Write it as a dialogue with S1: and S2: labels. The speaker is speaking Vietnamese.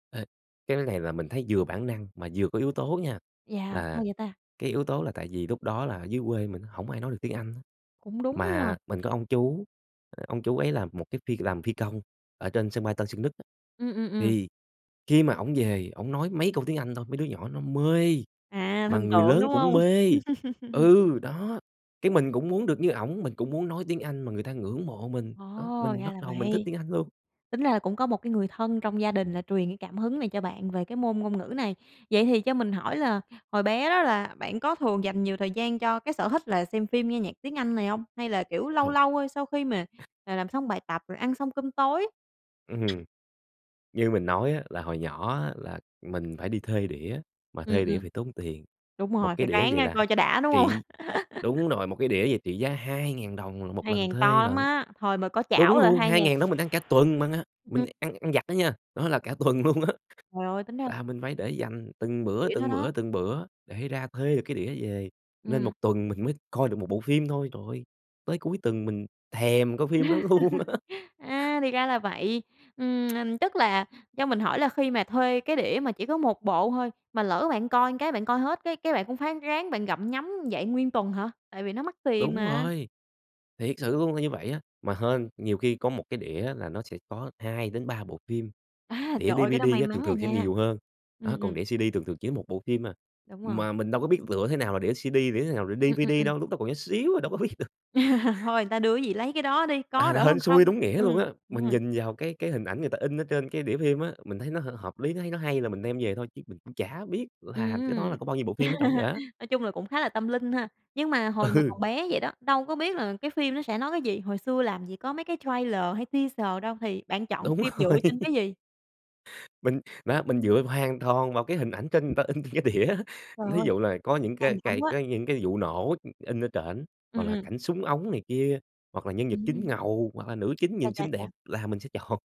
S1: Ê, cái này là mình thấy vừa bản năng mà vừa có yếu tố nha,
S2: Yeah, hay
S1: là
S2: vậy ta!
S1: cái yếu tố là tại vì lúc đó là ở dưới quê mình hổng ai nói được tiếng Anh á,
S2: Cũng đúng ha.
S1: mà mình có ông chú, ờ, ông chú ấy là một cái phi làm phi công ở trên sân bay Tân Sơn Nhất á,
S2: Ừm, ừm, ừm.
S1: thì khi mà ổng về ổng nói mấy câu tiếng Anh thôi, mấy đứa nhỏ nó mê,
S2: À,
S1: mà
S2: thần
S1: người
S2: tượng,
S1: lớn
S2: đúng
S1: cũng
S2: hông?
S1: mê. Ừ, đó, cái mình cũng muốn được như ổng, mình cũng muốn nói tiếng Anh mà người ta ngưỡng mộ mình,
S2: Ồ,
S1: đó, mình
S2: ra
S1: bắt
S2: là
S1: đầu mình thích
S2: vậy.
S1: tiếng Anh luôn.
S2: Tính ra là cũng có một cái người thân trong gia đình là truyền cái cảm hứng này cho bạn về cái môn ngôn ngữ này. Vậy thì cho mình hỏi là hồi bé đó là bạn có thường dành nhiều thời gian cho cái sở thích là xem phim, nghe nhạc tiếng Anh này hông? Hay là, kiểu, lâu
S1: Trởi!
S2: lâu thôi sau khi mà, ờ, làm xong bài tập rồi ăn xong cơm tối?
S1: Ừm. Như mình nói á là hồi nhỏ á là mình phải đi thuê đĩa mà
S2: Ừm,
S1: thuê đĩa
S2: ừm.
S1: thì tốn tiền.
S2: Đúng
S1: Một
S2: rồi,
S1: cái
S2: phải
S1: đĩa
S2: ráng,
S1: vậy
S2: a,
S1: là
S2: coi cho đã, đúng hông?
S1: trị đúng rồi, một cái đĩa vậy trị giá 2.000 đồng 1
S2: hai
S1: lần
S2: ngàn to
S1: thuê
S2: lắm
S1: lận.
S2: á, hồi mà có chảo
S1: Đúng
S2: là
S1: luôn,
S2: hai
S1: hai
S2: ngàn
S1: ngàn đó mình ăn cả tuần mà,
S2: ừm.
S1: mình ăn ăn vặt đó nha, đó là cả tuần luôn á.
S2: Trời ơi, tính ra
S1: Là mình phải để dành từng bữa,
S2: Đĩa đó
S1: từng
S2: đó.
S1: bữa, từng bữa để ra thuê được cái đĩa về, nên 1
S2: Ừm.
S1: tuần mình mới coi được 1 bộ phim thôi. Trời ơi, tới cuối tuần mình thèm coi phim đó luôn á.
S2: A, thì ra là vậy. Ừm, ừm, tức là cho mình hỏi là khi mà thuê cái đĩa mà chỉ có 1 bộ thôi, mà lỡ bạn coi cái bạn coi hết cái cái bạn cũng phái ráng bạn gặm nhấm vậy nguyên tuần hả? Tại vì nó mắc tiền
S1: Đúng
S2: mà.
S1: rồi, thiệt sự luôn là như vậy á. Mà hên, nhiều khi có một cái đĩa là nó sẽ có 2-3 bộ phim,
S2: À,
S1: đĩa
S2: trời ơi, cái đó
S1: DVD
S2: may
S1: á thường
S2: mắn à
S1: thường sẽ
S2: nha!
S1: nhiều hơn,
S2: Ừm,
S1: á, còn
S2: ừm.
S1: đĩa CD thường thường chỉ có 1 bộ phim à.
S2: Đúng rồi.
S1: Mà mình đâu có biết lựa thế nào là đĩa CD, đĩa nào là
S2: Ừm, ừm,
S1: DVD
S2: ừm.
S1: đâu, lúc đó còn nhỏ xíu à đâu có biết được.
S2: Thôi người ta đưa cái gì lấy cái đó đi, có
S1: À,
S2: đỡ hơn
S1: hên xui
S2: không.
S1: đúng nghĩa luôn
S2: Ừm,
S1: á,
S2: đúng
S1: mình
S2: rồi.
S1: nhìn vào cái cái hình ảnh người ta in ở trên cái đĩa phim á, mình thấy nó h hợp lý, nó thấy nó hay là mình đem về thôi chứ mình cũng chả biết làm cái đó
S2: Ừm.
S1: là có bao nhiêu bộ phim ở trỏng vậy á.
S2: Nói chung là cũng khá là tâm linh ha. Nhưng mà hồi mà còn
S1: Ừ.
S2: bé vậy đó, đâu có biết là cái phim nó sẽ nói cái gì, hồi xưa làm gì có mấy cái trailer hay teaser đâu, thì bạn chọn
S1: Đúng
S2: phim
S1: rồi.
S2: dựa trên cái gì?
S1: Mình, á, mình dựa hoàn toàn vào cái hình ảnh trên người ta in trên cái đĩa á,
S2: Trời
S1: thí
S2: ơi,
S1: dụ là có những
S2: can
S1: cái
S2: đảm
S1: cái
S2: quá!
S1: cái những cái vụ nổ, ưm, in ở trển,
S2: Ừm,
S1: hoặc là
S2: ừm.
S1: cảnh súng ống này kia, hoặc là nhân vật chính
S2: Ừm.
S1: ngầu hoặc là nữ chính
S2: Cha,
S1: nhìn
S2: cha,
S1: xinh đẹp
S2: cha.
S1: là mình sẽ chọn.